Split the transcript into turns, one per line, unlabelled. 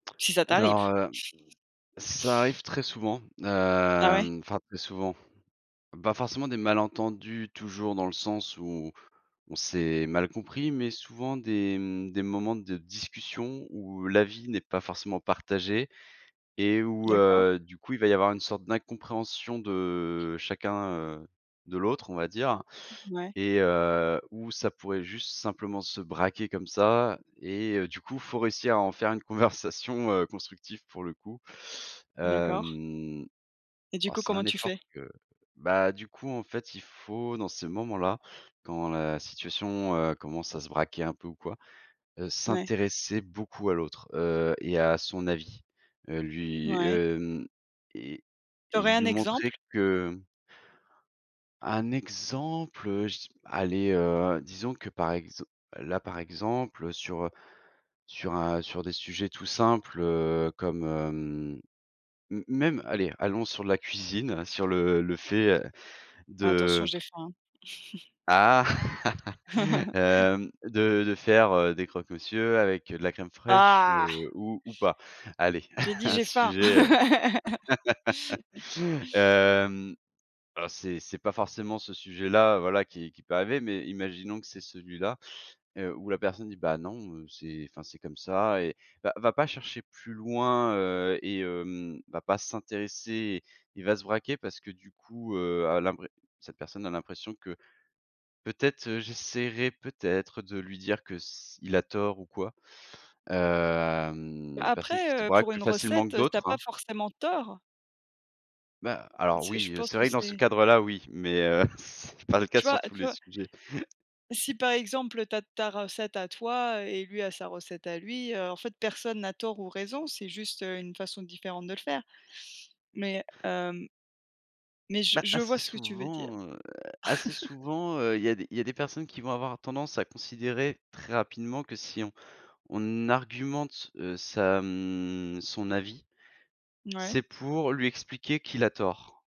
Si ça t'arrive!
Alors, heu, hem, ça arrive très souvent,
Ah ouais?
hem, enfin très souvent. Pas forcément des malentendus toujours dans le sens où on s'est mal compris, mais souvent des, mmh, des moments de discussion où l'avis n'est pas forcément partagé et où,
D'accord.
heu, du coup, il va y avoir une sorte d'incompréhension de chacun, heu, de l'autre, on va dire
Mmh ouais.
et heu, où ça pourrait juste simplement se braquer comme ça et heu, du coup, faut réussir à en faire une conversation constructive pour le coup.
D'accord.
Hem,
Et du
oh,
coup,
c'est
comment
un
tu
effort
fais?
que bah, du coup en fait, il faut, dans ces moments-là, quand la situation, heu, commence à se braquer un peu ou quoi, heu,
Ouais.
s'intéresser beaucoup à l'autre. Heu et à son avis, heu, lui,
Ouais.
hem et
Tu
et
aurais
lui
un exemple?
montrer que Un exemple? Heu, je dis allez, heu, disons que par exem là par exemple, heu, sur, heu, sur, un sur des sujets tout simples, heu, comme, hem, m même, allez, allons sur la cuisine, sur le le fait, heu,
Attention,
de
j'ai faim
ah!
hein!
hem, de de faire, heu, des croque-monsieur avec, heu, de la crème fraîche,
Ah!
heu, ou ou pas. Allez,
J'ai dit:
un
«J'ai faim!»
sujet, heu hem, ah c'est c'est pas forcément ce sujet-là, heu, voila qui qui peut arriver, mais imaginons que c'est celui-là, heu, où la personne dit: «Bah non, heu, c'est enfin c'est comme ça» et heu, va va pas chercher plus loin, heu et hem, va pas s'intéresser il va se braquer parce que du coup, heu, à l'impré cette personne a l'impression que, peut-être, heu, j'essaierai peut-être, heu, de lui dire que s il a tort ou quoi.
Bah
Hem, des personnes
après,
qui se
heu,
braquent
pour
plus
une
facilement
recette,
que
heu, tu as
d'autres,
pas
hein!
forcément tort!
Bah, alors
C'est, je
oui, heu,
pense
c'est
que
vrai que dans ce
c'est
cadre-là, oui, mais, heu, c'est pas le cas
tu vois,
sur
heu,
tous
tu
les
vois
sujets.
si par exemple, heu, tu as tu as recette à toi, heu et lui a sa recette à lui, heu, en fait personne n'a tort ou raison. C'est juste, heu, une façon différente de le faire. Mais, hem mais je
Bah,
je
assez
vois ce que tu veux dire.
souvent, heu, assez souvent, heu, il y a des il y a des personnes qui vont avoir tendance à considérer, très rapidement, que si on on argumente, heu, sa, mmh, son avis,
Ouais.
c'est pour lui expliquer qu'il a tort.